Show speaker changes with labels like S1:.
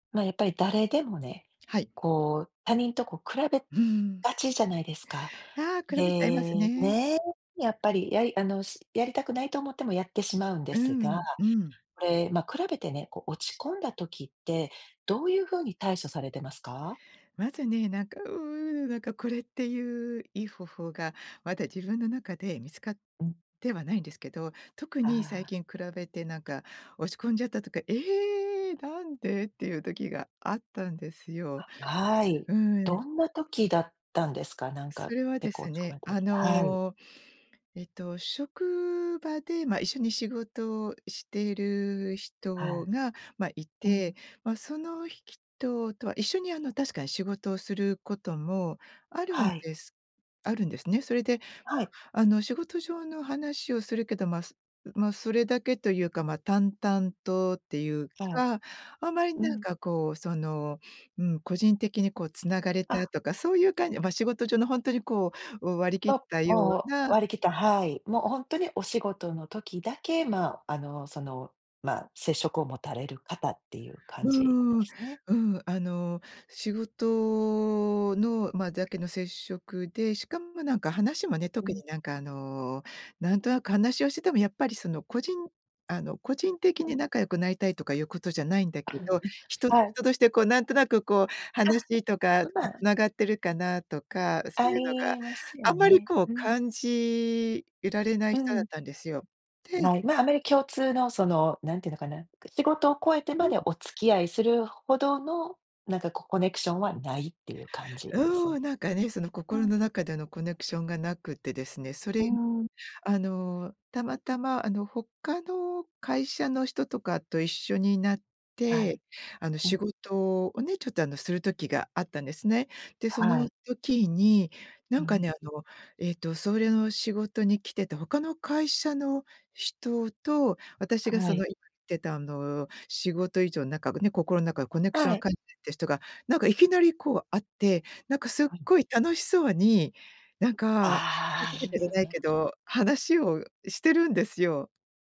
S1: ま、やっぱり誰でもね、
S2: はい。
S1: こう、他人とこう比べ
S2: うん。
S1: がちじゃないですか。
S2: ああ、比べちゃいます
S1: で、
S2: ね。
S1: ね、やっぱり、やりあの、しやりたくないと思ってもやってしまうんで
S2: う
S1: すが、
S2: んうん。
S1: これ、ま、比べてね、こう落ち込んだ時って、どういうふうに対処されてますか？
S2: まずね、なんか、うぬなんかこれっていういい方法がまだ自分の中で見つかっ
S1: うん。
S2: てはないんですけど、特
S1: あ
S2: に最
S1: あ。
S2: 近比べてなんか落ち込んじゃったとか、「ええ、なんで？」っていう時があったんですよ。
S1: はい、
S2: うん。
S1: どんな時だったんですか？なん
S2: そ
S1: か
S2: れは
S1: 結
S2: で
S1: 構
S2: す
S1: 落ち込ま
S2: ね、
S1: れた
S2: あ
S1: 時、はい。
S2: のえっと職場で、ま、一緒に仕事をしてる
S1: は
S2: 人
S1: い。
S2: が、ま、い
S1: う
S2: て、
S1: ん。
S2: ま、そのひきととは、一緒にあの確かに仕事をすることもあるん
S1: はい。
S2: ですあるんですね。それで
S1: はい。
S2: あの仕事上の話をするけど、まま、それだけというか、ま、淡々とっていう
S1: はい。
S2: か、あんまり
S1: う
S2: なん
S1: ん。
S2: かこうその、うん個人的にこう繋がれた
S1: あ。
S2: とかそういう感じは、ま、仕事上のほんとにこう割り切っ
S1: お、
S2: たよ
S1: お
S2: う
S1: お、
S2: な
S1: 割り切った、はい。もうほんとにお仕事の時だけ、ま、あの、その、ま、接触を持たれる方っていう感
S2: う
S1: じなん
S2: ー
S1: で
S2: ん、
S1: すね。
S2: うん、あの仕事の、ま、だけの接触で、しかもなんか話もね、
S1: う
S2: 特に
S1: ん。
S2: なんかあのなんとなく話をしててもやっぱりその個人あの個人的
S1: うん。
S2: に仲良くなりたいとかいうことじゃないんだけ
S1: うん、
S2: ど、人と
S1: はい。
S2: 人としてこうなんとなくこう、
S1: あ、
S2: 話とか、
S1: う
S2: こう
S1: ま。
S2: 繋がってるかなとか、そう
S1: あ
S2: いうのが、
S1: りますよ
S2: あんまり
S1: ね。
S2: こう
S1: うん。
S2: 感じられない
S1: う
S2: 人だっ
S1: ん。
S2: たんですよ。で
S1: ない、ま、あまり共通のその何て言うのかな、仕事を超えて
S2: う
S1: ま
S2: ん。
S1: でお付き合いするほどの、なんかこうコネクションはないっていう感じです？う
S2: うん、なんかね、その心
S1: ん。
S2: の中でのコネクションがなくてですね、それ、
S1: うーん。
S2: あのたまたまあの他の会社の人とかと一緒になっ
S1: は
S2: て、
S1: い。
S2: あの
S1: う
S2: 仕
S1: ん。
S2: 事をね、ちょっとあのする時があったんですね。で、その
S1: はい。
S2: 時にな
S1: う
S2: んかね、
S1: ん。
S2: あのえっとそれの仕事に来てた他の会社の人と私が
S1: は
S2: その
S1: い。
S2: 言ってたあの仕事以上仲がね、心の中のコネクション
S1: は
S2: が
S1: い。
S2: かいて人が、なんかいきなりこう会って、なんかすっ
S1: はい。
S2: ごい楽しそうになんか、じ
S1: あ
S2: ゃないけ
S1: あ。
S2: ど、話をしてるんですよ。